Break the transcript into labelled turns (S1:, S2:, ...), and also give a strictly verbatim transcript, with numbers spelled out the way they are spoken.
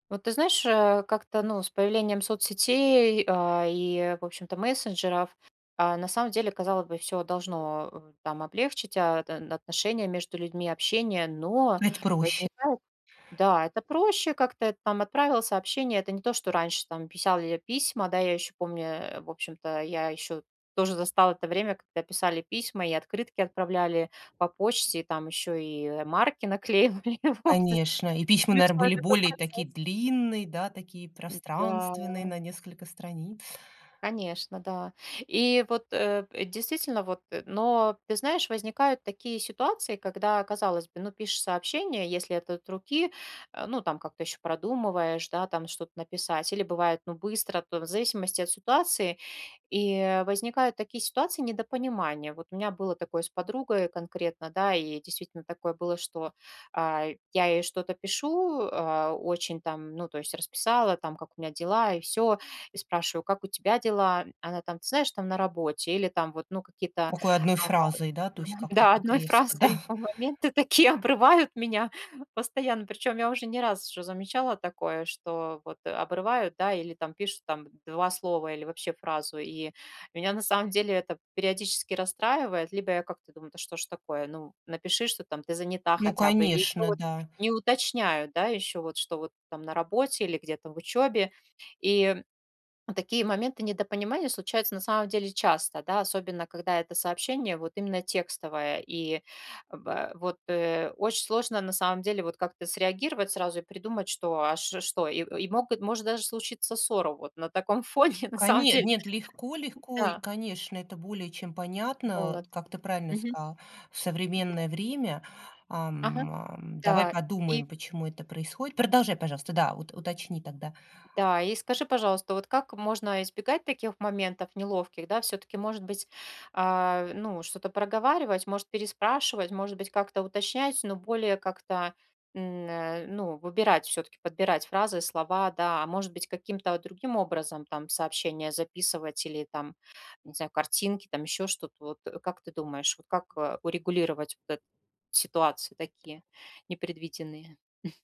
S1: Вот ты знаешь, э, как-то, ну, с появлением соцсетей, а, и, в общем-то, мессенджеров, а, на самом деле, казалось бы, всё должно, э, там облегчить, а, да, н отношения между людьми, общение, но
S2: Это проще.
S1: возникает да, это проще как-то, и там отправил сообщение. Это не то, что раньше там писяли я письма. Да, я ещё помню, э, в общем-то, я ещё тоже застала это время, когда писали письма и открытки отправляли по почте, и там ещё и марки наклеивали, вот, з
S2: Конечно, и письма, наверно,
S1: Смешной
S2: были
S1: такой
S2: более
S1: процесс.
S2: такие длинные, да такие пространственные,
S1: М-да.
S2: на несколько страниц.
S1: Конечно, да. И вот, э, п действительно, вот, э. Но, ты знаешь, возникают такие ситуации, когда, казалось бы, ну, пишешь сообщение, если это от руки, э, ну, там как-то ещё продумываешь, да, там что-то написать. Или бывает, ну, быстро, то в зависимости от ситуации. И возникают такие ситуации недопонимания. Вот у меня было такое с подругой, и конкретно, да, и действительно такое было, что, а, я ей что-то пишу, а, очень там, ну, то есть, расписала там, как у меня дела, и всё. И спрашиваю: "Как у тебя дела?" М. Она там: "Ты знаешь, там, на работе". Или там вот, ну, какие-то,
S2: Такой одной
S1: ага,
S2: фразой, да, то есть
S1: [unintelligible]
S2: как-то
S1: да,
S2: так
S1: одной
S2: резко,
S1: фразой
S2: да.
S1: иль по моменты такие, обрывают меня постоянно. Причём я уже не раз уже замечала такое, что вот, а, обрывают, да, или там пишут там два слова или вообще фразу. И меня, на самом деле, это периодически расстраивает. Либо я как-то думаю: "Да что ж такое? Ну, напиши, что там ты занята
S2: Ну
S1: хотя бы". Или ещё
S2: конечно,
S1: вот
S2: да.
S1: не уточняют, да, ещё вот, что вот там на работе или где-то в учёбе. И в такие моменты недопонимания случаются, на самом деле, часто, да, особенно, когда это сообщение вот именно текстовое. И, бэ вот, э, очень сложно, на самом деле, вот как-то среагировать сразу и придумать, что, а, ш что? И и могут может даже случиться ссора вот на таком фоне, на самом
S2: Коне
S1: деле.
S2: нет, легко
S1: М.
S2: легко, и,
S1: Да.
S2: конечно, это более чем понятно.
S1: Вот.
S2: Как ты правильно
S1: Мгм.
S2: сказала, в
S1: Да.
S2: современное время,
S1: Ага.
S2: ам, ам, давай
S1: Да. И
S2: подумаем, почему это происходит. Продолжай, пожалуйста, да, вот уточни тогда.
S1: М-да. И скажи, пожалуйста, вот как можно избегать таких моментов неловких, да? Всё-таки, может быть, а, ну, что-то проговаривать, может, переспрашивать, может быть, как-то уточнять, но более как-то, н э, ну, выбирать, всё-таки подбирать фразы и слова, да? А может быть, каким-то, о, другим образом там сообщения записывать или там, не знаю, картинки, там ещё что-то. Вот, э, как ты думаешь, вот как, э, урегулировать вот эт ситуации такие непредвиденные?